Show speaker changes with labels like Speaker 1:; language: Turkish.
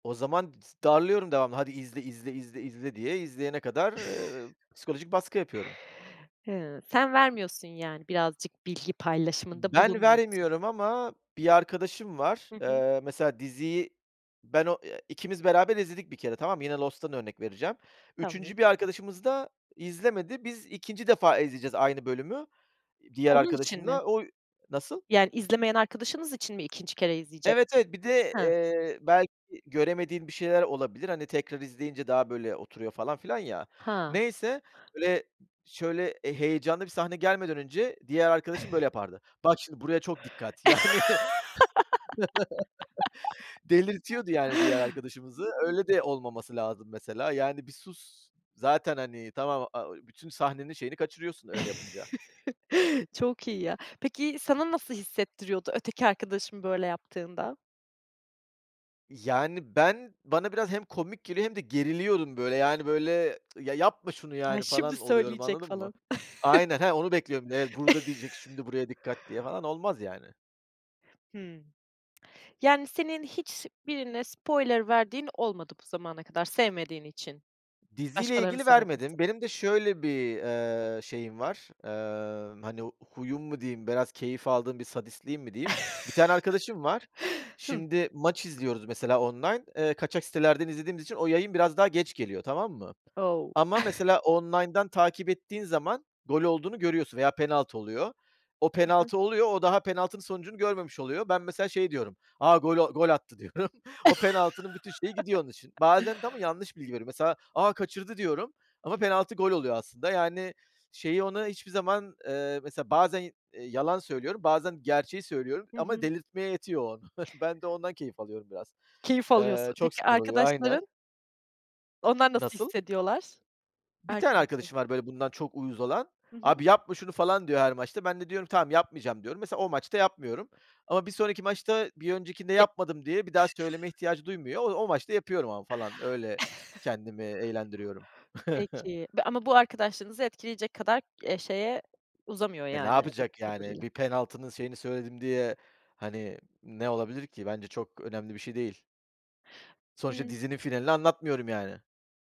Speaker 1: O zaman [unintelligible] s darlıyorum devamlı, "hadi izle, izle, izle, izle." diye. İzleyene kadar, ııı, psikolojik baskı yapıyorum.
Speaker 2: Hıı, sen vermiyorsun yani birazcık bilgi paylaşımında
Speaker 1: Ben
Speaker 2: bulunmuyorsun.
Speaker 1: vermiyorum ama bir arkadaşım var,
Speaker 2: Hı hı.
Speaker 1: eee, mesela diziyi ben o, eee, ikimiz beraber izledik bir kere tamam mı yine Lost'tan örnek vereceğim.
Speaker 2: Tamam.
Speaker 1: 3. bir arkadaşımız da izlemedi biz 2. defa izleyeceğiz aynı bölümü, iii, diğer
Speaker 2: Onun için mi?
Speaker 1: arkadaşımla o Nasıl?
Speaker 2: Yani izlemeyen arkadaşınız için mi 2. kere
Speaker 1: Evet,
Speaker 2: izleyecektiniz?
Speaker 1: evet, bir de,
Speaker 2: Ha.
Speaker 1: eee, belki göremediğim bir şeyler olabilir. Hani tekrar izleyince daha böyle oturuyor falan filan ya.
Speaker 2: Ha.
Speaker 1: Neyse. Böyle şöyle e heyecanlı bir sahne gelmeden önce diğer arkadaşım böyle yapardı, "Bak şimdi buraya çok dikkat!" Yani. Delirtiyordu yani diğer arkadaşımızı. Öyle de olmaması lazım mesela. Yani bir sus. Zaten hani a o tamam bütün sahnenin şeyini kaçırıyorsun öyle yapınca.
Speaker 2: Çok iyi ya. Peki sana nasıl hissettiriyordu öteki arkadaşın böyle yaptığında?
Speaker 1: Yani ben bana biraz hem komik geliyor hem de geriliyorum böyle yani böyle "Ya, yapma şunu
Speaker 2: A,
Speaker 1: yani."
Speaker 2: şimdi
Speaker 1: falan oluyorum,
Speaker 2: söyleyecek
Speaker 1: anladın mı?
Speaker 2: falan.
Speaker 1: Aynen, ha, onu bekliyorum. Evet, burada diyecek, "Şimdi buraya dikkat!" diye falan olmaz yani.
Speaker 2: Hımm. Yani senin hiç birine spoiler verdiğin olmadı bu zamana kadar sevmediğin için.
Speaker 1: Diziyle
Speaker 2: Başkalarının
Speaker 1: ilgili
Speaker 2: sana yapması
Speaker 1: vermedim. Benim de şöyle bir, eee, şeyim var, eee, hani huyum mu diyeyim? Biraz keyif aldığım bir sadistliğim mi diyeyim? 1 tane arkadaşım var.
Speaker 2: Hı.
Speaker 1: Şimdi maç izliyoruz mesela online, eee, kaçak sitelerden izlediğimiz için o yayın biraz daha geç geliyor, tamam mı?
Speaker 2: O.
Speaker 1: Ama mesela online'dan takip ettiğin zaman gol olduğunu görüyorsun veya penaltı oluyor. O
Speaker 2: Hı hı.
Speaker 1: penaltı oluyor. O daha penaltı sonucunu görmemiş oluyor. Ben mesela şey diyorum. "A, gol o gol attı diyorum." O penaltının bütün şeyi gidiyor onun için. Bazen de ama yanlış bilgi veriyorum. Mesela "A, kaçırdı." diyorum ama penaltı gol oluyor aslında. Yani şeyi ona hiçbir zaman, ııı, mesela bazen, iii, yalan söylüyorum, bazen gerçeği söylüyorum
Speaker 2: Hı
Speaker 1: ama
Speaker 2: hı.
Speaker 1: delirtmeye yetiyor o onu. Ben de ondan keyif alıyorum biraz
Speaker 2: Keyif
Speaker 1: Eee,
Speaker 2: alıyorsun.
Speaker 1: çok
Speaker 2: Peki
Speaker 1: sinir oluyor aynen.
Speaker 2: arkadaşların onlar nasıl
Speaker 1: Nasıl?
Speaker 2: hissediyorlar?
Speaker 1: 1 tane
Speaker 2: Arkadaşların
Speaker 1: arkadaşım var böyle bundan çok uyuz olan.
Speaker 2: Hı hı.
Speaker 1: "Abi yapma şunu!" falan diyor her maçta. Ben de diyorum, "Tamam, yapmayacağım." diyorum. Mesela o maçta yapmıyorum ama bir sonraki maçta bir öncekinde
Speaker 2: Ge
Speaker 1: yapmadım diye bir daha söyleme ihtiyacı duymuyor. O o maçta yapıyorum ama falan öyle kendimi eğlendiriyorum.
Speaker 2: Peki. Be ama bu arkadaşlığınızı etkileyecek kadar k eee, şeye uzamıyor
Speaker 1: E, ne
Speaker 2: yani anladığım
Speaker 1: yapacak yani?
Speaker 2: kadarıyla.
Speaker 1: Bir penaltının şeyini söyledim diye hani ne olabilir ki? Bence çok önemli bir şey değil. Sonuçta
Speaker 2: Imm.
Speaker 1: dizinin finalini anlatmıyorum yani.